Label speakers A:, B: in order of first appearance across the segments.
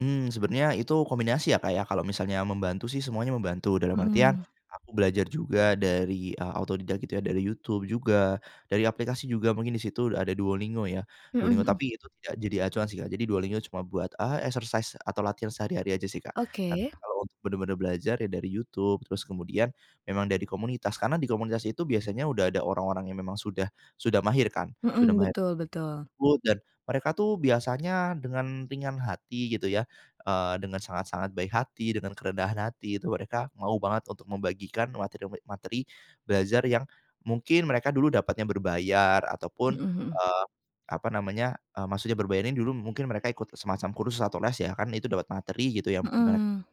A: Mmm, sebenarnya itu kombinasi ya, Kak, ya. Kalau misalnya membantu sih semuanya membantu. Dalam artian
B: Mhm.
A: aku belajar juga dari, eee, otodidak gitu ya dari YouTube juga dari aplikasi juga mungkin di situ ada Duolingo ya,
B: Mhm
A: Duolingo.
B: mhm.
A: Tapi itu tidak jadi acuan sih, Kak. Jadi, Duolingo cuma buat, eee, exercise atau latihan sehari-hari aja sih, Kak, dan
B: Oke.
A: kalo untuk benar-benar belajar ya dari YouTube. Terus kemudian memang dari komunitas, karena di komunitas itu biasanya udah ada orang-orang yang memang sudah sudah mahir kan. Sudah
B: Mhm.
A: mahir
B: Betul betul.
A: [unintelligible] dan mereka tuh biasanya dengan ringan hati gitu ya. Eee, dengan sangat-sangat baik hati, dengan kerendahan hati itu mereka mau banget untuk membagikan materi me materi belajar yang mungkin mereka dulu dapatnya berbayar ataupun,
B: Mhm mhm.
A: eee, apa namanya, eee, maksudnya berbayar ini dulu, mungkin mereka ikut semacam kursus atau les ya, kan itu dapat materi gitu yang mere
B: Heeh.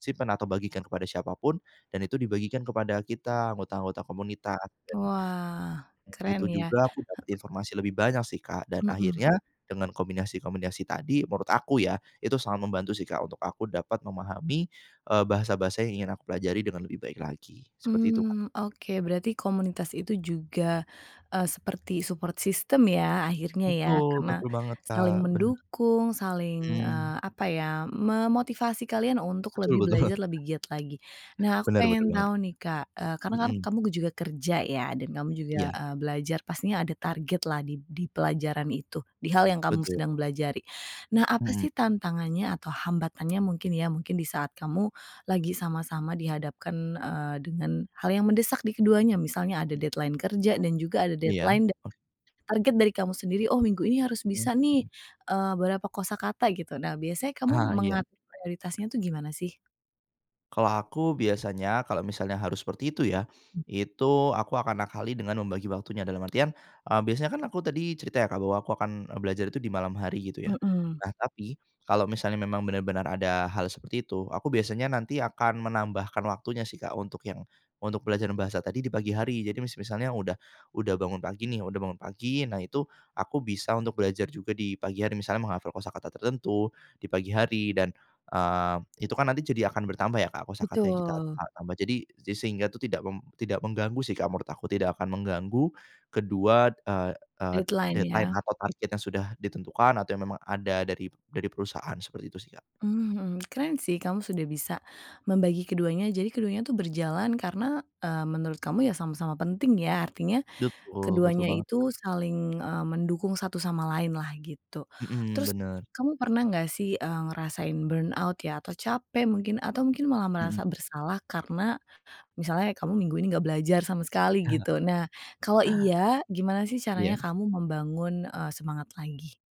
A: simpan atau bagikan kepada siapa pun dan itu dibagikan kepada kita anggota-anggota komunitas. Dan
B: Wah,
A: dan itu
B: keren, ya.
A: juga aku dapat
B: He
A: informasi lebih banyak sih, Kak. Dan
B: Mhm.
A: akhirnya, dengan kombinasi-kombinasi tadi menurut aku ya itu sangat membantu sih, Kak, untuk aku dapat memahami, eee, bahasa-bahasa yang ingin aku pelajari dengan lebih baik lagi, seperti itu, Kak.
B: Mmm, oke. Berarti komunitas itu juga, eee, seperti support system ya akhirnya ya.
A: Betul
B: Karena
A: betul banget, Kak.
B: saling
A: Bener.
B: mendukung, saling,
A: Mmm.
B: eee, apa ya, memotivasi kalian untuk
A: Betul
B: lebih
A: betul.
B: belajar lebih giat lagi. Nah, aku
A: Bener bener
B: pengen
A: banget.
B: tahu nih, Kak, eee, karena kan
A: Mmm.
B: kamu juga kerja ya dan kamu juga,
A: Iya.
B: eee, belajar. Pastinya ada targetlah di di pelajaran itu, di hal yang kamu
A: Betul.
B: sedang pelajari. Nah, apa
A: Hmm.
B: sih tantangannya atau hambatannya mungkin ya, mungkin di saat kamu lagi sama-sama dihadapkan, eee, deng an hal yang mendesak di keduanya. Misalnya ada
A: Hmm.
B: deadline kerja dan juga ada
A: Iya.
B: deadline da
A: Oh.
B: target dari kamu sendiri, "Oh minggu ini harus
A: Mmm,
B: bisa nih,
A: heeh.
B: eee, berapa kosakata," gitu. Nah, biasanya kamu
A: Ah, iya.
B: mengatur prioritasnya tuh gimana sih?
A: Kalau aku biasanya kalau misalnya harus seperti itu ya,
B: Mmm.
A: itu aku akan akali dengan membagi waktunya. Dalam artian, eee, biasanya kan aku tadi cerita ya, Kak, bahwa aku akan belajar itu di malam hari gitu ya.
B: Mhm.
A: Nah, tapi kalau misalnya memang benar-benar ada hal seperti itu aku biasanya nanti akan menambahkan waktunya sih, Kak, untuk yang untuk belajar bahasa tadi di pagi hari. Jadi masih misalnya udah udah bangun pagi nih, udah bangun pagi. Nah, itu aku bisa untuk belajar juga di pagi hari. Misalnya menghafal kosakata tertentu di pagi hari dan, eee, itu kan nanti jadi akan bertambah ya, Kak, kosakata yang kita
B: Betul.
A: ta tambah. Jadi jadi sehingga itu tidak meng tidak mengganggu sih, Kak, menurut aku tidak akan mengganggu. Kedua, eee eee,
B: Deadline,
A: deadline
B: ya.
A: atau target yang sudah ditentukan atau yang memang ada dari dari perusahaan seperti itu sih, Kak.
B: Mhm. Keren sih kamu sudah bisa membagi keduanya. Jadi keduanya tuh berjalan karena, eee, menurut kamu ya sama-sama penting ya. Artinya,
A: Betul- betul
B: keduanya
A: banget.
B: itu saling, eee, mendukung satu sama lainlah gitu.
A: Mmm.
B: Terus,
A: Benar.
B: kamu pernah nggak sih, eee, ngerasain burnout ya atau capek mungkin atau mungkin malah
A: Mhm.
B: merasa bersalah karena, misalnya kamu minggu ini nggak belajar sama sekali gitu. Nah, kalau iya, gimana sih caranya
A: Iya.
B: kamu membangun, eee, semangat lagi?